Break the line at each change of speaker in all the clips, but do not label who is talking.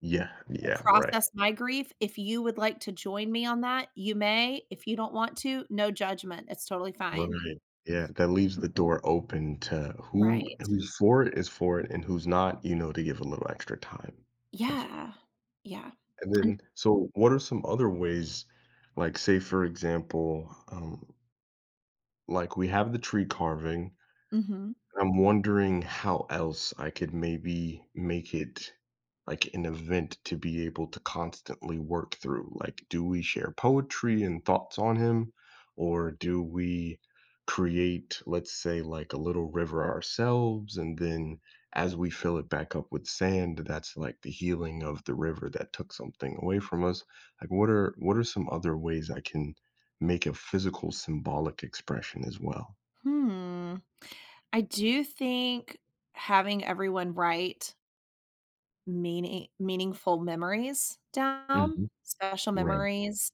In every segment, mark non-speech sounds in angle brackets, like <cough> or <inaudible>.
Yeah,
to
yeah, right.
process my grief, if you would like to join me on that, you may. If you don't want to, no judgment, it's totally fine.
Right, yeah, that leaves the door open to who
Right.
who's for it, is for it, and who's not, you know, to give a little extra time. That's
Yeah. Yeah,
And,
an
then, so what are some other ways, like, say, for example, um like, we have the tree carving.
Mhm.
I'm wondering how else I could maybe make it, like, an event to be able to constantly work through? Like, do we share poetry and thoughts on him? Or do we create, let's say, like, a little river ourselves and then as we fill it back up with sand, that's like the healing of the river that took something away from us? Like, what are what are some other ways I can make a physical symbolic expression as well?
Hmm. I do think having everyone write meaning meaningful memories down?
Mhm.
Special
Right.
memories.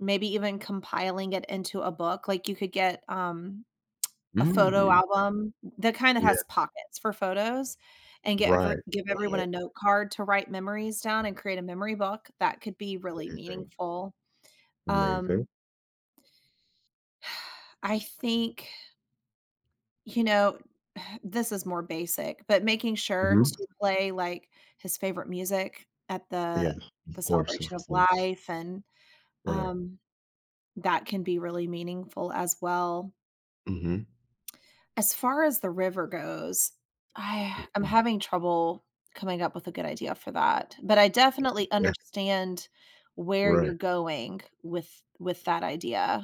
Maybe even compiling it into a book, like, you could get, um, <smacks lips> a photo
Mm.
album, the kind that
Yeah.
has pockets for photos, and get every
Right,
give everyone
right.
a note card to write memories down and create a memory book, that could be really
Amazing.
meaningful,
Amazing.
um <sighs> I think you know, <sighs> this is more basic, but making sure
Mhm.
to play, like, his favorite music at the
Yes,
the
of course, those
celebration of
things.
life and,
Right.
um, that can be really meaningful as well.
Mhm.
As far as the river goes, I <sighs> I'm
Mhm.
having trouble coming up with a good idea for that, but I definitely
Yeah.
understand where you're
Right.
going with with that idea.